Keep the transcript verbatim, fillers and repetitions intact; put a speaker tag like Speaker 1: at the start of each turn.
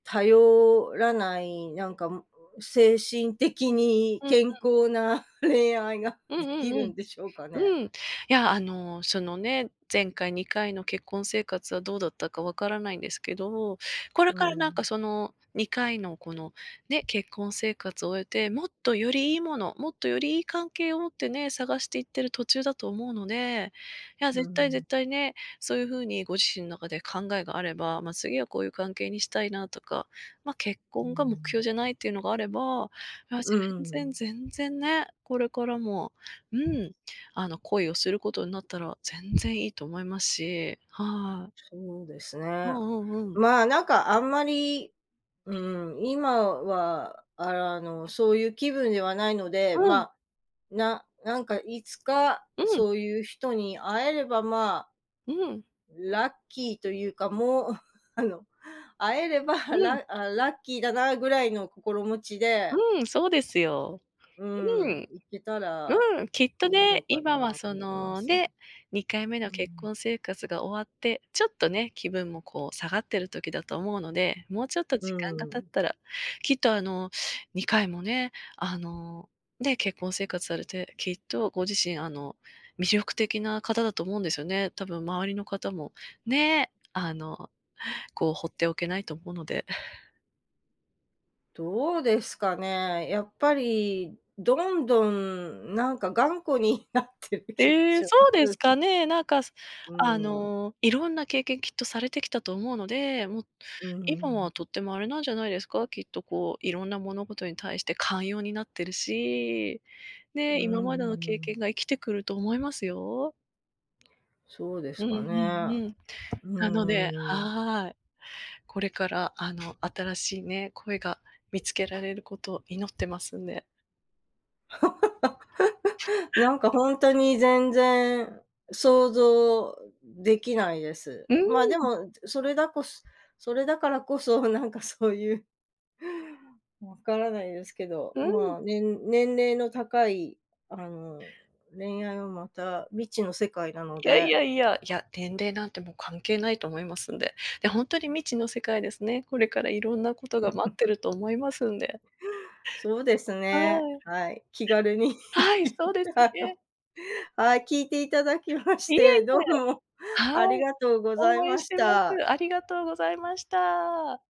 Speaker 1: 頼らない、なんかもう、精神的に
Speaker 2: うんう
Speaker 1: 健
Speaker 2: ん。
Speaker 1: 康な恋愛が
Speaker 2: うん
Speaker 1: で
Speaker 2: う
Speaker 1: き
Speaker 2: んう
Speaker 1: る
Speaker 2: ん、
Speaker 1: んでしょうかね。
Speaker 2: うん。いや、あの、そのね、前回にかいの結婚生活はどうだったかわからないんですけど。これ
Speaker 1: う
Speaker 2: からなんか、
Speaker 1: ん。
Speaker 2: そのにかいのこのね、結婚生活を終えて、もっとよりいいもの、もっとよりいい関係を持ってね、探していってる途中だと思うので。いや
Speaker 1: う
Speaker 2: 絶対、
Speaker 1: ん。
Speaker 2: 絶対ね。そういう風にご自身の中で考えがあれば。ま、次はこういう関係にしたいなとか。ま、結
Speaker 1: うーん、う
Speaker 2: 婚が目標じゃないっ
Speaker 1: ん。
Speaker 2: ていうのがあれば、あ、全
Speaker 1: うんうんう
Speaker 2: 然、
Speaker 1: ん。
Speaker 2: 全然ね、これからも、うん。あの、恋をすることになったら全然いいと思いますし、はい。
Speaker 1: そうです
Speaker 2: う
Speaker 1: ね。
Speaker 2: んうんうん。
Speaker 1: まあ、なんかあんまり、うん。今はあの、そういう気分ではないので、
Speaker 2: うん。
Speaker 1: まあ、ななんかいつか、
Speaker 2: うん。
Speaker 1: そういう人に会えればまあ、
Speaker 2: うん。
Speaker 1: ラッキーというか、もう、あの、会えれば、
Speaker 2: うん。
Speaker 1: ラあ、ラッキーだなぐらいの心持ちで
Speaker 2: うん、そうですよ。
Speaker 1: う
Speaker 2: う
Speaker 1: ん、
Speaker 2: ん。
Speaker 1: 行けたら
Speaker 2: うん。きっと
Speaker 1: いいの
Speaker 2: ね、
Speaker 1: か
Speaker 2: 今は
Speaker 1: な
Speaker 2: そ
Speaker 1: と思いま
Speaker 2: の
Speaker 1: す。
Speaker 2: ね、にかいめの
Speaker 1: うんう
Speaker 2: 結
Speaker 1: ん。
Speaker 2: 婚生活が終わってちょっとね、気分もこう下がってる時だと思うので。もうちょっと
Speaker 1: う
Speaker 2: 時
Speaker 1: ん、
Speaker 2: 間が
Speaker 1: うう
Speaker 2: 経っ
Speaker 1: ん。
Speaker 2: たら、きっとあの、にかいもね、あの、ね、結婚生活されてきっとご自身あの、魅力的な方だと思うんですよね。たぶん周りの方も、ね、あの、こう、ほっておけないと思うので。
Speaker 1: どうですかね、やっぱり、どんどんなんか頑固になってる気が
Speaker 2: ええ、
Speaker 1: し
Speaker 2: そ
Speaker 1: ま
Speaker 2: うで
Speaker 1: す。
Speaker 2: すかね。なんか、す
Speaker 1: う
Speaker 2: あ
Speaker 1: ん、ううん。
Speaker 2: の、いろんな経験きっとされてきたと思うので、もう
Speaker 1: うんうんう
Speaker 2: 今はと
Speaker 1: ん。
Speaker 2: ってもあれなんじゃないですか？きっとこう、いろんな物事に対して寛容になってるし。
Speaker 1: う
Speaker 2: ね、今
Speaker 1: んう
Speaker 2: までの
Speaker 1: んう
Speaker 2: 経験
Speaker 1: ん。
Speaker 2: が生きてくると思いますよ。
Speaker 1: そうで
Speaker 2: う
Speaker 1: す
Speaker 2: んう
Speaker 1: か
Speaker 2: ん
Speaker 1: ね、
Speaker 2: うん。
Speaker 1: う
Speaker 2: なので
Speaker 1: ーん。
Speaker 2: はい。これからあの、新しいね、恋が見つけられることを祈ってますんで。
Speaker 1: なんかほんとに、全然想像できないです。
Speaker 2: うーん、
Speaker 1: ま、で
Speaker 2: うん。
Speaker 1: も、ずそれだこすそれだからこそ、なんかそういうわからないですけど。
Speaker 2: うん。
Speaker 1: ま、年年齢の高いあの、恋愛はまた、未知の世界なの
Speaker 2: いやい
Speaker 1: で。
Speaker 2: やいや、いや、年齢なんてもう、関係ないと思いますんで。え、ほんとに未知の世界ですね、これからいろんなことが待って ると思いますんで。
Speaker 1: そうです
Speaker 2: は
Speaker 1: ね、
Speaker 2: い。
Speaker 1: はい、気軽に。
Speaker 2: はい、そうです
Speaker 1: あの、
Speaker 2: げ。
Speaker 1: はい、聞いていただきまし
Speaker 2: いえいえ。
Speaker 1: て、どうも
Speaker 2: は
Speaker 1: あり
Speaker 2: い。
Speaker 1: がとうござい
Speaker 2: 応援
Speaker 1: ま
Speaker 2: し
Speaker 1: し
Speaker 2: てま
Speaker 1: た。
Speaker 2: す。ありがとうございました。